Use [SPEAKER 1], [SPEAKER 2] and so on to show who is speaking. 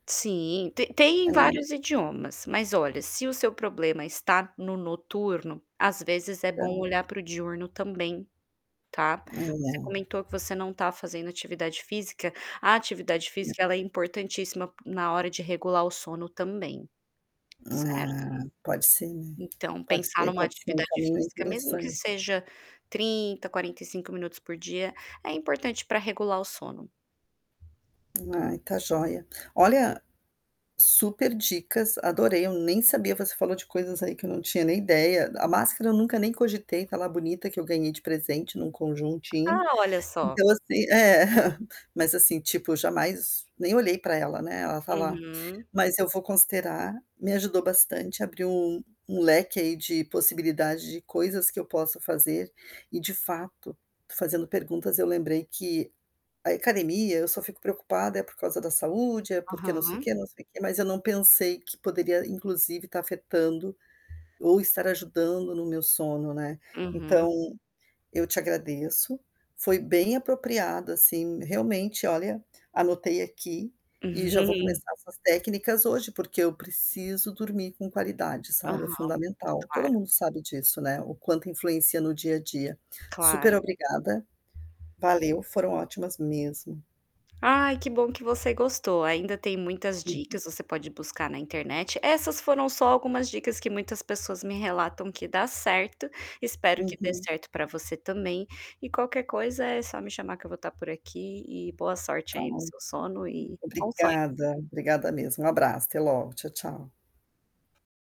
[SPEAKER 1] Sim, tem tem em
[SPEAKER 2] É.
[SPEAKER 1] vários idiomas. Mas, olha, se o seu problema está no noturno, às vezes, é bom
[SPEAKER 2] [unintelligible]
[SPEAKER 1] olhar pro diurno também, tá? Você
[SPEAKER 2] É.
[SPEAKER 1] comentou que você não está fazendo atividade física. A atividade
[SPEAKER 2] [unintelligible]
[SPEAKER 1] física ela é importantíssima na hora de regular o sono também, certo?
[SPEAKER 2] É, pode ser, né.
[SPEAKER 1] Então,
[SPEAKER 2] Pode
[SPEAKER 1] pensar
[SPEAKER 2] ser
[SPEAKER 1] numa
[SPEAKER 2] pode ser um
[SPEAKER 1] atividade
[SPEAKER 2] caminho, aí,
[SPEAKER 1] física mesmo que
[SPEAKER 2] interessante.
[SPEAKER 1] seja 30, 45 minutos por dia, é importante pra regular o sono.
[SPEAKER 2] Ai, tá joia. Olha, superdicas, adorei. Eu nem sabia você falou de coisas aí que eu não tinha nem ideia. A máscara eu nunca nem cogitei, tá lá bonita, que eu ganhei de presente num conjuntinho.
[SPEAKER 1] Ah, olha só.
[SPEAKER 2] Então, assim é, mas, assim, tipo, jamais, nem olhei pra ela, né. Ela tá lá.
[SPEAKER 1] Uhum.
[SPEAKER 2] Mas eu vou considerar, me ajudou bastante, abriu um um leque aí de possibilidades, de coisas que eu posso fazer. E, de fato, fazendo perguntas, eu lembrei que a e academia eu só fico preocupada por causa da saúde, é porque não sei o
[SPEAKER 1] Aham.
[SPEAKER 2] quê, não sei o quê, mas eu não pensei que poderia, inclusive, estar afetando, ou estar ajudando no meu sono, né.
[SPEAKER 1] Uhum.
[SPEAKER 2] Então, eu te agradeço, foi bem apropriado, assim, realmente. Olha, anotei aqui e já vou começar essas técnicas hoje, porque eu preciso dormir com qualidade, sabe. É
[SPEAKER 1] Aham,
[SPEAKER 2] fundamental, todo
[SPEAKER 1] claro.
[SPEAKER 2] mundo sabe disso, né, o quanto influencia no dia a dia.
[SPEAKER 1] Claro.
[SPEAKER 2] Superobrigada. Valeu, foram ótimas mesmo.
[SPEAKER 1] Ai, que bom que você gostou. Ainda tem muitas
[SPEAKER 2] Uhum.
[SPEAKER 1] dicas, você pode buscar na internet. Essas foram só algumas dicas que muitas pessoas me relatam que dá certo. Espero que dê
[SPEAKER 2] Uhum.
[SPEAKER 1] certo pra você também. E qualquer coisa, é só me chamar que eu vou estar por aqui. E boa sorte
[SPEAKER 2] Tá
[SPEAKER 1] aí no seu
[SPEAKER 2] ótimo.
[SPEAKER 1] sono e bom sonho.
[SPEAKER 2] Obrigada, obrigada mesmo, um abraço. Até logo, tchau, tchau.